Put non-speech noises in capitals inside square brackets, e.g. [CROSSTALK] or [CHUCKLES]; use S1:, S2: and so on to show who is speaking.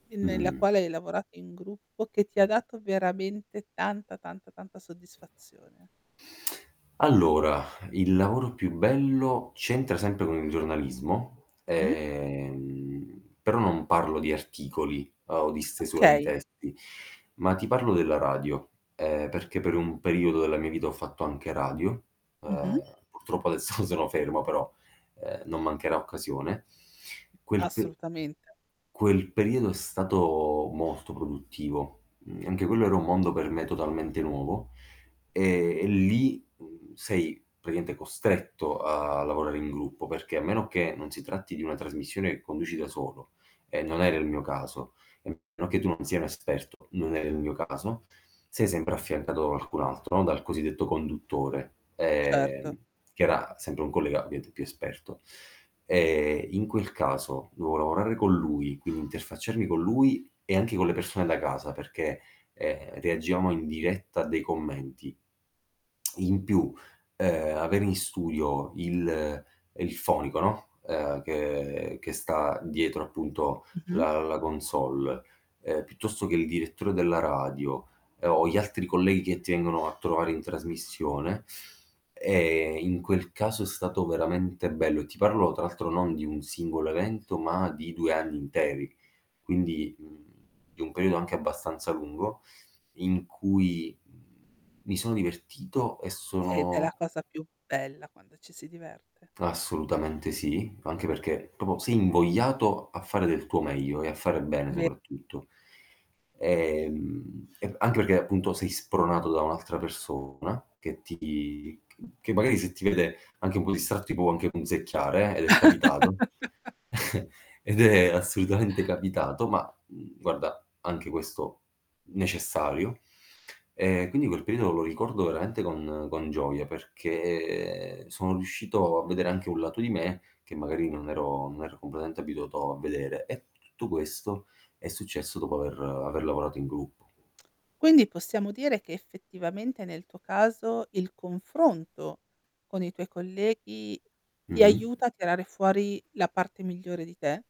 S1: E nella
S2: Mh-mh.
S1: quale hai lavorato in gruppo, che ti ha dato veramente tanta, tanta, tanta soddisfazione.
S2: [INHALES] Allora, il lavoro più bello, c'entra sempre con il giornalismo.
S1: Mh-mh.
S2: Ehm, però non parlo di articoli o di stesura di
S1: Okay.
S2: testi, ma ti parlo della radio, ehm, perché per un periodo della mia vita ho fatto anche radio.
S1: Mh-mh.
S2: Ehm, purtroppo adesso sono fermo però, ehm, non mancherà occasione. Quel pe
S1: Assolutamente.
S2: quel periodo è stato molto produttivo. Mhmm, anche quello era un mondo per me totalmente nuovo e e lì sei praticamente costretto a lavorare in gruppo, perché a meno che non si tratti di una trasmissione che conduci da solo, e non era il mio caso, e a meno che tu non sia un esperto, non era il mio caso, sei sempre affiancato da qualcun altro, no, dal cosiddetto conduttore, ehm,
S1: Certo.
S2: che era sempre un collega, ovviamente, più esperto. Ehm, in quel caso dovevo lavorare con lui, quindi interfacciarmi con lui e anche con le persone da casa perché, ehm, reagivamo in diretta a dei commenti. In più, ehm, avere in studio il il fonico, no, ehm, che che sta dietro, appunto,
S1: Mh-mh.
S2: la la console, ehm, piuttosto che il direttore della radio o gli altri colleghi che ti vengono a trovare in trasmissione. E in quel caso è stato veramente bello, e ti parlo tra l'altro non di un singolo evento, ma di 2 anni interi, quindi, mhmm, di un periodo anche abbastanza lungo, in cui mi sono divertito e
S1: Ed è la
S2: sono
S1: cosa più bella quando ci si diverte.
S2: Assolutamente sì, anche perché proprio sei invogliato a fare del tuo meglio e a fare bene,
S1: Be
S2: soprattutto. Ehm, e anche perché, appunto, sei spronato da un'altra persona che ti ch che magari se ti vede anche un po' distratto, ti può anche punzecchiare, eh, ed è capitato.
S1: [LAUGHS]
S2: [CHUCKLES] Ed è assolutamente capitato, ma, mhmm, guarda, anche questo necessario. E quindi quel periodo lo ricordo veramente con con gioia perché sono riuscito a vedere anche un lato di me che magari non ero non ero completamente abituato a vedere. E tutto questo è successo dopo aver aver lavorato in gruppo.
S1: Quindi possiamo dire che, effettivamente, nel tuo caso il confronto con i tuoi colleghi, ti
S2: Mh-mh.
S1: aiuta a tirare fuori la parte migliore di te?